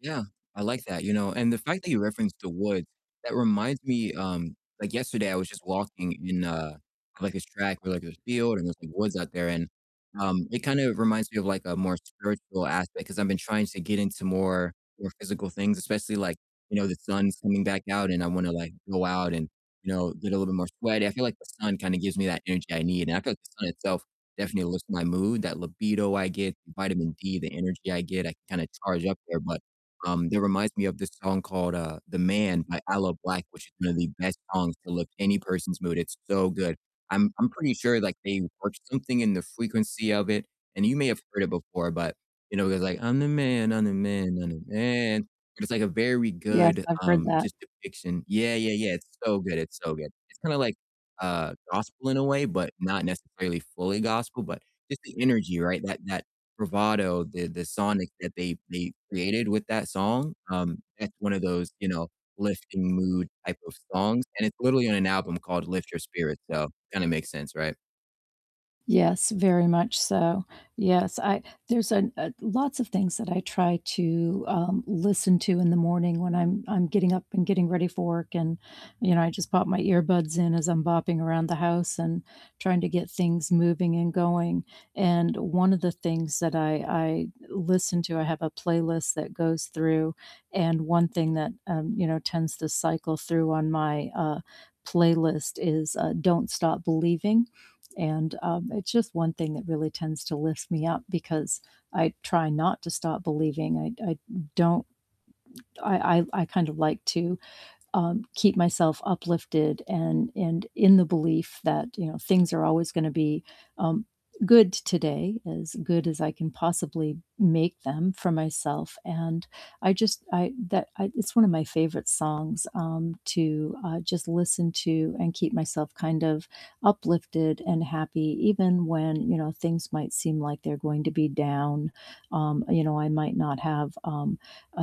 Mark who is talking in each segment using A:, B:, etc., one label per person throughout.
A: Yeah, I like that, you know, and the fact that you referenced the woods, that reminds me, um, like, yesterday I was just walking in, uh, like, this track where, like, there's field, and there's, like, woods out there, and, um, it kinda reminds me of, like, a more spiritual aspect, 'cause I've been trying to get into more more physical things, especially, like, you know, the sun's coming back out, and I wanna, like, go out, and, you know, get a little bit more sweaty, I feel like the sun kinda gives me that energy I need, and I feel like the sun itself definitely lifts my mood, that libido I get, the vitamin D, the energy I get, I can kinda charge up there, but, um, that reminds me of this song called, uh, "The Man" by Aloe Blacc, which is one of the best songs to lift any person's mood, it's so good, I'm I'm pretty sure, like, they worked something in the frequency of it, and you may have heard it before, but you know, it goes like, "I'm the man, I'm the man, I'm the man," but it's, like, a very
B: Yes,
A: good,
B: I've heard
A: um,
B: that.
A: just depiction. Yeah, yeah, yeah, it's so good, it's so good, it's kinda like, uh, gospel in a way, but not necessarily fully gospel, but just the energy, right, that that bravado, the the sonic that they they created with that song, um, that's one of those, you know, lifting mood type of songs, and it's literally on an album called Lift Your Spirit, so kinda makes sense, right?
B: Yes, very much so. Yes, I There's an uh, lots of things that I try to, um, listen to in the morning when I'm I'm getting up, and getting ready for work, and, you know, I just pop my earbuds in as I'm bopping around the house, and trying to get things moving and going, and one of the things that I I listen to I have a playlist that goes through, and one thing that, um, you know, tends to cycle through on my, uh, playlist is, uh, "Don't Stop Believing," and, um, it's just one thing that really tends to lift me up, because I try not to stop believing, I d I d don't I I I kinda like to, um, keep myself uplifted, and and in the belief that, you know, things are always gonna be, um, good today, as good as I can possibly make them for myself, and I just I that I it's one of my favorite songs, um, to, uh, just listen to, and keep myself kind of uplifted, and happy even when, you know, things might seem like they're going to be down, um, you know, I might not have, um,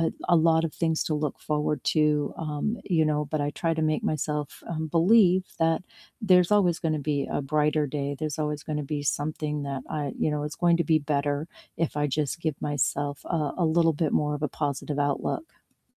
B: a l a lot of things to look forward to, um, you know, but I try to make myself, um, believe that there's always gonna be a brighter day, there's always gonna be something that I you know, it's going to be better if I just give myself, uh, a little bit more of a positive outlook.